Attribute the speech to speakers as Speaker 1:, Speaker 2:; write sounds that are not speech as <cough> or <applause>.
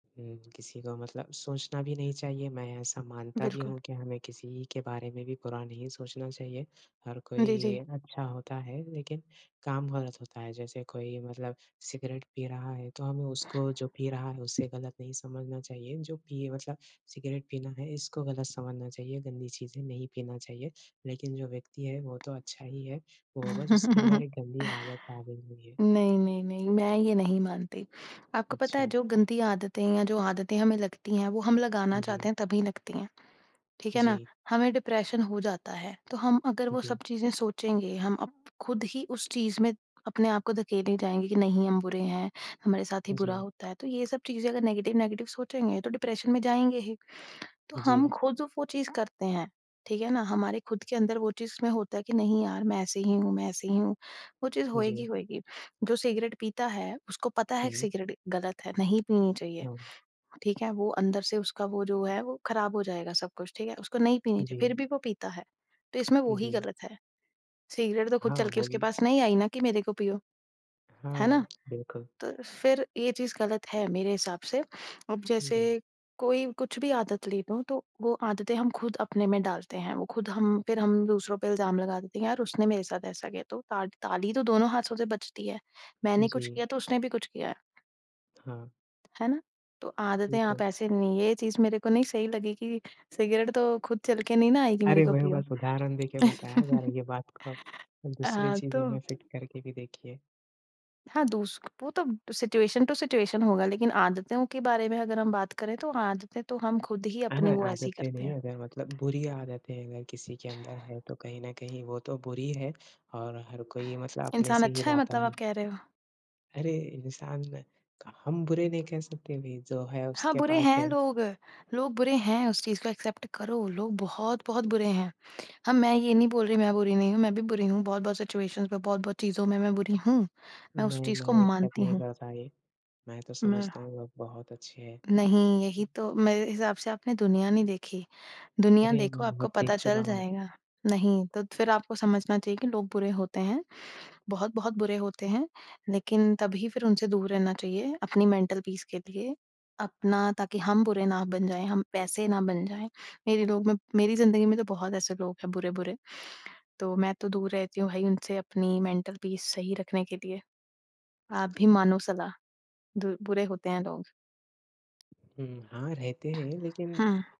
Speaker 1: हुँ। किसी को मतलब सोचना भी नहीं चाहिए, मैं ऐसा मानता भी
Speaker 2: बिल्कुल।
Speaker 1: हूँ कि हमें किसी के बारे में भी बुरा नहीं सोचना चाहिए। हर
Speaker 2: जी,
Speaker 1: कोई
Speaker 2: जी।
Speaker 1: अच्छा होता है लेकिन काम गलत होता है। जैसे कोई मतलब सिगरेट पी रहा है तो हमें उसको जो पी रहा है उसे गलत नहीं समझना चाहिए। जो पिए मतलब सिगरेट पीना है, इसको गलत समझना चाहिए, गंदी चीज़ें नहीं पीना चाहिए। लेकिन जो व्यक्ति है वो तो अच्छा ही है, वो बस उसके अंदर
Speaker 2: <chuckles>
Speaker 1: एक गंदी आदत आ गई हुई है।
Speaker 2: नहीं, नहीं, नहीं। मैं ये नहीं मानती। आपको पता है
Speaker 1: अच्छा।
Speaker 2: जो गंदी आदतें हैं या जो आदतें हमें लगती हैं वो हम लगाना
Speaker 1: जी।
Speaker 2: चाहते हैं तभी लगती हैं, ठीक है ना?
Speaker 1: जी।
Speaker 2: हमें डिप्रेशन हो जाता है, तो हम अगर वो सब
Speaker 1: जी।
Speaker 2: चीजें सोचेंगे, हम अप ख़ुद ही उस चीज़ में अपने आप को धकेले जाएँगे कि नहीं हम बुरे हैं, हमारे साथ ही बुरा
Speaker 1: जी।
Speaker 2: होता है, तो ये सब चीजें अगर नेगेटिव-नेगेटिव सोचेंगे तो डिप्रेशन में जाएँगे ही। तो हम
Speaker 1: जी।
Speaker 2: ख़ुद जो वो चीज़ करते हैं, ठीक है ना? हमारे खुद के अंदर वो चीज़ में होता है कि नहीं यार मैं ऐसे ही हूँ मैं ऐसे ही हूँ, वो चीज़
Speaker 1: जी।
Speaker 2: होएगी-होएगी। जो सिगरेट पीता है उसको पता है कि
Speaker 1: हुँ।
Speaker 2: सिगरेट गलत है, नहीं पीनी चाहिए,
Speaker 1: हुँ।
Speaker 2: ठीक है। वो अंदर से उसका वो जो है वो खराब हो जाएगा, सब कुछ, ठीक है। उसको नहीं पीनी चाहिए फिर
Speaker 1: जी।
Speaker 2: भी वो पीता है। तो इसमें वो ही
Speaker 1: जी।
Speaker 2: गलत है, सिगरेट तो खुद चल
Speaker 1: हाँ,
Speaker 2: के उसके
Speaker 1: बोलिए।
Speaker 2: पास नहीं आई ना कि मेरे को पियो, है ना?
Speaker 1: हुँ। बिल्कुल।
Speaker 2: तो फिर ये चीज़ गलत है मेरे हिसाब से। अब
Speaker 1: जी।
Speaker 2: जैसे कोई कुछ भी आदत ले लो, तो वो आदतें हम ख़ुद अपने में डालते हैं, वो ख़ुद हम फिर हम दूसरों पे इल्ज़ाम लगा देते हैं यार उसने मेरे साथ ऐसा किया तो ता ताली तो दोनों हाथों से बजती है, मैंने कुछ
Speaker 1: जी।
Speaker 2: किया तो उसने भी कुछ किया है।
Speaker 1: हाँ।
Speaker 2: है ना? तो आदतें
Speaker 1: ठीक
Speaker 2: आप
Speaker 1: है।
Speaker 2: ऐसे नहीं ये चीज़ मेरे को नहीं सही लगी कि सिगरेट तो खुद चल के नहीं ना आएगी, मेरे
Speaker 1: अरे!
Speaker 2: को
Speaker 1: वही
Speaker 2: पियो।
Speaker 1: बस उदाहरण देके बताया जा रहा है
Speaker 2: <chuckles>
Speaker 1: ये बात को दूसरी
Speaker 2: अ, तो
Speaker 1: चीज़ों में फिट करके भी देखिए।
Speaker 2: हाँ, दुस्क वो तो सिचूऐशन टू सिचूऐशन होगा, लेकिन आदतों के बारे में अगर हम बात करें तो आदतें तो हम ख़ुद ही
Speaker 1: अह
Speaker 2: अपनी वैसी
Speaker 1: आदतें
Speaker 2: करते
Speaker 1: नहीं
Speaker 2: हैं।
Speaker 1: अगर मतलब बुरी आदतें अगर किसी के अंदर हैं तो कहीं न कहीं वो तो बुरी है और हर कोई मतलब अपने
Speaker 2: इंसान
Speaker 1: से ही
Speaker 2: अच्छा है
Speaker 1: लाता
Speaker 2: मतलब
Speaker 1: है।
Speaker 2: आप कह रहे हो?
Speaker 1: अरे! इंसान हम बुरे नहीं कह सकते भई, जो है
Speaker 2: हाँ,
Speaker 1: उसके
Speaker 2: बुरे
Speaker 1: पास
Speaker 2: हैं
Speaker 1: है।
Speaker 2: लोग। लोग बुरे हैं उस चीज को एक्सेप्ट करो, लोग बहुत-बहुत बुरे हैं। हम मैं ये नहीं बोल रही मैं बुरी नहीं हूँ, मैं भी बुरी हूँ बहुत-बहुत सिचुएशन्स में, बहुत-बहुत चीज़ों में मैं बुरी हूँ, मैं उस
Speaker 1: नहीं,
Speaker 2: चीज़ को
Speaker 1: मैं एक्सेप्ट
Speaker 2: मानती
Speaker 1: नहीं
Speaker 2: हूँ।
Speaker 1: करता ये, मैं तो
Speaker 2: मैं
Speaker 1: समझता हूँ लोग बहुत अच्छे हैं।
Speaker 2: नहीं, यही तो मेरे हिसाब से आपने दुनिया नहीं देखी, दुनिया
Speaker 1: अरे!
Speaker 2: देखो
Speaker 1: मैं
Speaker 2: आपको
Speaker 1: बहुत
Speaker 2: पता
Speaker 1: देख
Speaker 2: चल
Speaker 1: चुका हूँ।
Speaker 2: जाएगा। नहीं तो फिर आपको समझना चाहिए कि लोग बुरे होते हैं, बहुत-बहुत बुरे होते हैं। लेकिन तभी फिर उनसे दूर रहना चाहिए, अपनी मेंटल पीस के लिए। अपना ताकि हम बुरे ना बन जाएँ, हम वैसे ना बन जाएँ। मेरे लोग मे मेरी ज़िंदगी में तो बहुत ऐसे लोग हैं बुरे-बुरे, तो मैं तो दूर रहती हूँ भई उनसे अपनी मेंटल पीस सही रखने के लिए। आप भी मानो सलाह दुर बुरे होते हैं लोग।
Speaker 1: हुँ। हाँ, रहते हैं लेकिन
Speaker 2: हुँ।